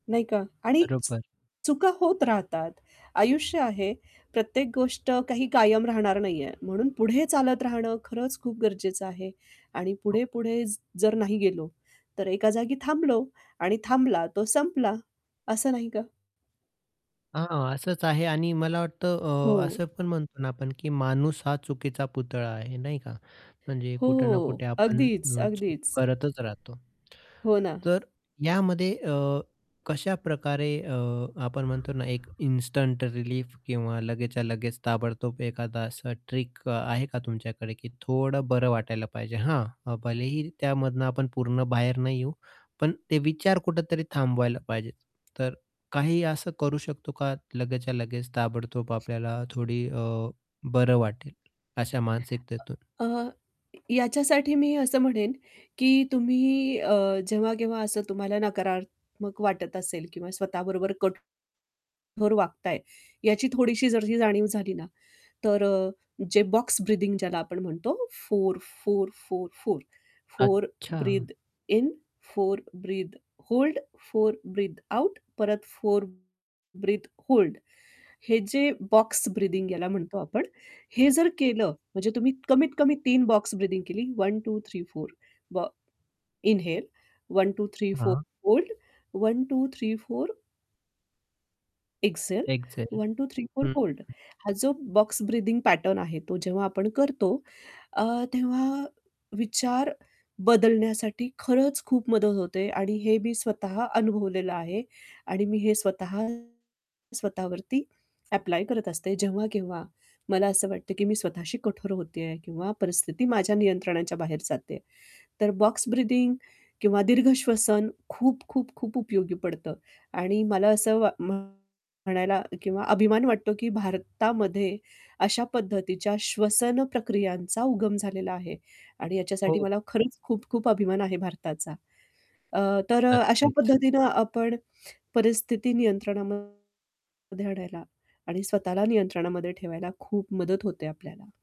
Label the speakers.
Speaker 1: नाही का? आणि
Speaker 2: बरोबर.
Speaker 1: चुका होत राहतात. आयुष्य आहे, प्रत्येक गोष्ट काही कायम राहणार नाहीये, म्हणून पुढे चालत राहणं खरंच खूप गरजेचं आहे. आणि
Speaker 2: हो ना.
Speaker 1: पुढे-पुढे ज जर नाही गेलो, तर एका जागी थांबलो आणि थांबला तो संपला! असं नाही का?
Speaker 2: हां, असंच आहे आणि मला वाटतं
Speaker 1: हो.
Speaker 2: अ, असं पण म्हणतो ना आपण की माणूस हा चुकीचा पुतळा आहे नाही का? म्हणजे
Speaker 1: हो.
Speaker 2: कुठे ना कुठे आपण अ,
Speaker 1: अगदीच,
Speaker 2: चूक
Speaker 1: अगदीच.
Speaker 2: करतच राहतो.
Speaker 1: हो ना.
Speaker 2: तर यामध्ये अ, कशा प्रकारे अ, आपण म्हणतो ना एक इन्स्टंट रिलीफ किंवा लगेचच्या लगेच ताबडतोब एखादा असा ट्रिक आहे का तुमच्याकडे की थोडं बरं वाटायला पाहिजे? हां, भलेही त्यामधून आपण पूर्ण बाहेर नाही येऊ, पण ते विचार कुठेतरी थांबवायला पाहिजे. तर काही असं करू शकतो का, लगेचच्या लगेच ताबडतोब आपल्याला थोडं अ, बरं वाटेल अशा मानसिकतेतून?
Speaker 1: अ, अ, य याच्यासाठी मी असं म्हणेन की तुम्ही अ, जेव्हा-केव्हा असं तुम्हाला नकारात्मक वाटत असेल किंवा स्वतः बरोबर कट कठोर वागताय याची थोडीशी जरी ही जाणीव झाली ना तर अ, जे बॉक्स ब्रीथिंग ज्याला आपण म्हणतो 4, 4, 4, 4. 4
Speaker 2: अच्छा.
Speaker 1: Breathe in. 4 breathe hold. 4 breathe out. परत 4 ब्रीथ होल्ड हे जे बॉक्स ब्रिथिंग याला म्हणतो आपण हे जर केलं म्हणजे तुम्ही कमीत कमी 3 बॉक्स ब्रीथिंग केली. 1, 2, 3, 4 व इन्हेल. 1, 2, 3, 4,
Speaker 2: हां.
Speaker 1: होल्ड. 1, 2, 3, 4 एक्सहेल.
Speaker 2: एक्सहेल
Speaker 1: 1, 2, 3, 4
Speaker 2: हं,
Speaker 1: होल्ड.
Speaker 2: हं.
Speaker 1: हा जो बॉक्स ब्रीथिंग पॅटर्न आहे तो जेव्हा आपण करतो अ, तेव्हा विचार बदलण्यासाठी खरंच खूप मदत होते आणि हे मी स्वतः अनुभवलेलं आहे. आणि मी हे स्वतः स्वतःवरती ॲप्लाय करत असते, जेव्हा-केव्हा मला असं वाटतं की मी स्वतःशी कठोर होते आहे किंवा परिस्थिती माझ्या नियंत्रणाच्या बाहेर जाते आहे. तर बॉक्स ब्रीथिंग किंवा दीर्घ श्वसन खूप, खूप, खूप उपयोगी पडतं आणि मला असं वा म्हणायला किंवा अभिमान वाटतो की भारतामध्ये अशा पद्धतीच्या श्वसन प्रक्रियांचा उगम झालेला आहे. आणि याच्यासाठी
Speaker 2: हो.
Speaker 1: मला खरंच खूप-खूप अभिमान आहे भारताचा. अ, तर अ, अशा
Speaker 2: नक्कीच.
Speaker 1: पद्धतीने आपण परिस्थिती नियंत्रणामध्ये आणायला आणि स्वतःला नियंत्रणामध्ये ठेवायला खूप मदत होते आपल्याला.